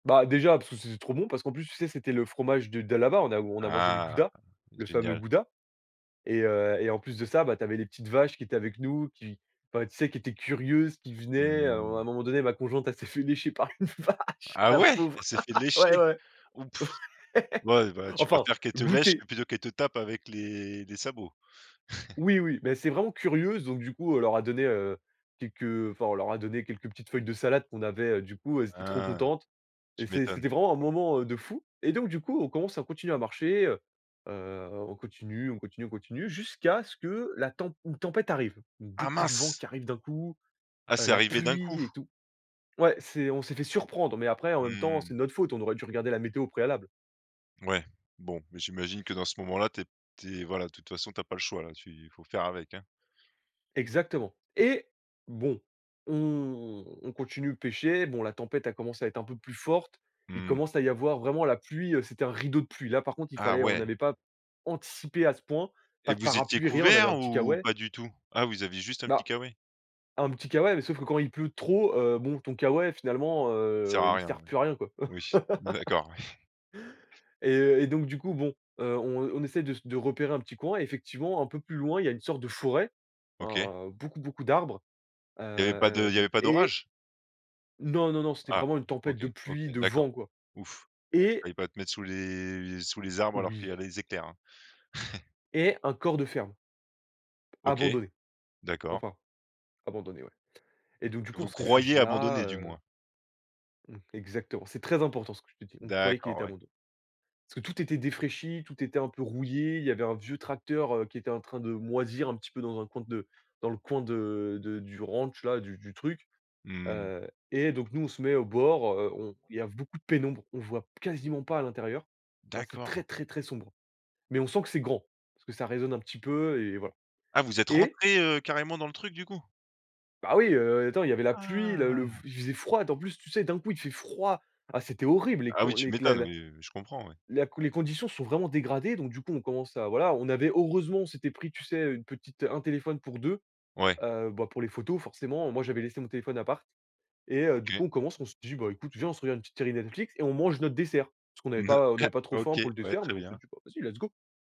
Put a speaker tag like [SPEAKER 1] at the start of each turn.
[SPEAKER 1] Bah, déjà parce que c c'est trop bon, parce qu'en plus tu sais c'était le fromage de d'à là-bas, on a on a mangé le
[SPEAKER 2] Ah,
[SPEAKER 1] gouda, le fameux
[SPEAKER 2] génial!
[SPEAKER 1] gouda. Et, heu en plus de ça, bah tu avais les petites vaches qui étaient avec nous, qui enfin tu sais qui étaient curieuses, qui venaient, à un à
[SPEAKER 2] Mmh.
[SPEAKER 1] un moment donné ma conjointe elle s'est fait lécher par une vache,
[SPEAKER 2] Ah
[SPEAKER 1] la
[SPEAKER 2] ouais? Elle
[SPEAKER 1] pauvre!
[SPEAKER 2] s'est fait
[SPEAKER 1] Ouais
[SPEAKER 2] lécher?
[SPEAKER 1] ouais!
[SPEAKER 2] Oh, pff. Ouais, bah, tu
[SPEAKER 1] Enfin,
[SPEAKER 2] préfères qu'elle te lèche,
[SPEAKER 1] goûter.
[SPEAKER 2] plutôt qu'elle te tape avec les les les sabots.
[SPEAKER 1] Oui oui, mais c'est vraiment curieuses, donc du coup on leur a donné, heu, quelques, heu, enfin on leur a donné quelques petites feuilles de salade qu'on avait, heu, du coup, elles étaient trop
[SPEAKER 2] Ah!
[SPEAKER 1] contentes et
[SPEAKER 2] Tu
[SPEAKER 1] c'est
[SPEAKER 2] m'étonnes.
[SPEAKER 1] c'était vraiment un moment, heu, de fou et donc du coup, on commence à continuer à marcher, heu heu, on continue, on continue, on continue jusqu'à ce que la tem une tempête arrive.
[SPEAKER 2] Ah,
[SPEAKER 1] Beaucoup de vent
[SPEAKER 2] mince!
[SPEAKER 1] qui arrive d'un coup,
[SPEAKER 2] Ah,
[SPEAKER 1] heu,
[SPEAKER 2] c'est
[SPEAKER 1] la
[SPEAKER 2] arrivé d'un coup?
[SPEAKER 1] pluie et tout. Ouais, c'est on s'est fait surprendre, mais après en même temps,
[SPEAKER 2] Mmh.
[SPEAKER 1] c'est de notre faute, on aurait dû regarder la météo au préalable.
[SPEAKER 2] Ouais, bon, mais j'imagine que, dans ce moment-là, tu es p tu es voilà, de toute façon, tu as pas le choix là, tu il faut faire avec, hein.
[SPEAKER 1] Exactement. Et! Bon, on on continue de pêcher. Bon, la tempête a commencé à être un peu plus forte. Il
[SPEAKER 2] Mmh.
[SPEAKER 1] commence à y avoir vraiment la pluie, heu, c'était un rideau de pluie. Là, par contre, il
[SPEAKER 2] Ah,
[SPEAKER 1] fallait on
[SPEAKER 2] ouais!
[SPEAKER 1] n'avait pas anticipé à ce point, pas
[SPEAKER 2] Et
[SPEAKER 1] de
[SPEAKER 2] vous étiez
[SPEAKER 1] parapluie, rien, on avait un
[SPEAKER 2] couverts,
[SPEAKER 1] petit
[SPEAKER 2] ou
[SPEAKER 1] K-way.
[SPEAKER 2] pas du tout? Ah, vous aviez juste un petit
[SPEAKER 1] Bah,
[SPEAKER 2] K-way?
[SPEAKER 1] un petit K-way, mais sauf que quand il pleut trop, heu, bon, ton K-way, finalement,
[SPEAKER 2] Il sert
[SPEAKER 1] heu,
[SPEAKER 2] à
[SPEAKER 1] il
[SPEAKER 2] rien,
[SPEAKER 1] sert
[SPEAKER 2] ouais.
[SPEAKER 1] plus à rien, quoi
[SPEAKER 2] Oui, on est d'accord, ouais.
[SPEAKER 1] et et donc du coup, bon, heu, on on essaie de s de repérer un petit coin. Effectivement, un peu plus loin, il y a une sorte de forêt,
[SPEAKER 2] OK.
[SPEAKER 1] hein, beaucoup, beaucoup d'arbres, heu,
[SPEAKER 2] Il y avait pas de il y
[SPEAKER 1] hem,
[SPEAKER 2] avait pas
[SPEAKER 1] et
[SPEAKER 2] d'orage?
[SPEAKER 1] Non, non, non, c'était
[SPEAKER 2] Ah!
[SPEAKER 1] vraiment une tempête
[SPEAKER 2] OK,
[SPEAKER 1] de
[SPEAKER 2] OK,
[SPEAKER 1] pluie, de
[SPEAKER 2] d'accord.
[SPEAKER 1] vent, quoi,
[SPEAKER 2] Ouf, ouais, tu
[SPEAKER 1] et
[SPEAKER 2] allais pas de mettre sous les sous les arbres, alors qu'il
[SPEAKER 1] Oui.
[SPEAKER 2] y a les éclairs, hein.
[SPEAKER 1] Et un corps de ferme.
[SPEAKER 2] OK.
[SPEAKER 1] Abandonné.
[SPEAKER 2] D'accord.
[SPEAKER 1] Enfin, abandonné ouais et donc du coup on
[SPEAKER 2] Vous
[SPEAKER 1] se
[SPEAKER 2] croyez
[SPEAKER 1] réfugie là,
[SPEAKER 2] abandonné, du
[SPEAKER 1] heu
[SPEAKER 2] moins.
[SPEAKER 1] Mmh. Exactement, c'est très important ce que je te dis, on croyait qu'il était
[SPEAKER 2] D'accord, ouais.
[SPEAKER 1] abandonné. Parce que tout était défraichi, tout était un peu rouillé, il y avait un vieux tracteur, heu, qui était en train de moisir un petit peu dans un coin de dans le coin de de du ranch-là, du du truc.
[SPEAKER 2] Mmh.
[SPEAKER 1] Heu, et donc nous, on se mets au bord, heu, on, il y a v beaucoup de pénombre, on voit p quasiment pas à l'intérieur. Non c'est
[SPEAKER 2] D'accord.
[SPEAKER 1] très très très sombre, mais on sent que c'est grand, parce que ça résonne un petit peu et voilà
[SPEAKER 2] Ah, vous êtes
[SPEAKER 1] et
[SPEAKER 2] rentrés, heu, carrément dans le truc, du coup?
[SPEAKER 1] Bah oui, heu, attends, il y avait la pluie, le le v
[SPEAKER 2] Ah!
[SPEAKER 1] il faisait froid. D en plus, sais d'un coup, il fait froid. Ah c'était horrible les
[SPEAKER 2] Ah oui,
[SPEAKER 1] con
[SPEAKER 2] tu
[SPEAKER 1] les c a
[SPEAKER 2] m'étonnes,
[SPEAKER 1] la
[SPEAKER 2] oui, je comprends. Ouais.
[SPEAKER 1] la les conditions se sont vraiment dégradées donc du coup on commence à voilà, on avait heureusement on s'était pris tu sais une petite un téléphone pour 2,
[SPEAKER 2] Ouais.
[SPEAKER 1] heu, bah pour les photos forcément. Moi j'avais laissé mon téléphone à appart et heu, du
[SPEAKER 2] OK.
[SPEAKER 1] coup on commence, on se dit: «Bah écoute, viens on se regarde une petite série Netflix et on mange notre dessert». Parce qu'on n'avait
[SPEAKER 2] Mmh,
[SPEAKER 1] pas on
[SPEAKER 2] ah!
[SPEAKER 1] n'avait pas trop faim
[SPEAKER 2] OK,
[SPEAKER 1] pour le
[SPEAKER 2] ouais,
[SPEAKER 1] dessert,
[SPEAKER 2] très
[SPEAKER 1] mais on s'est
[SPEAKER 2] bien.
[SPEAKER 1] dit: «Bah vas-y, let's go.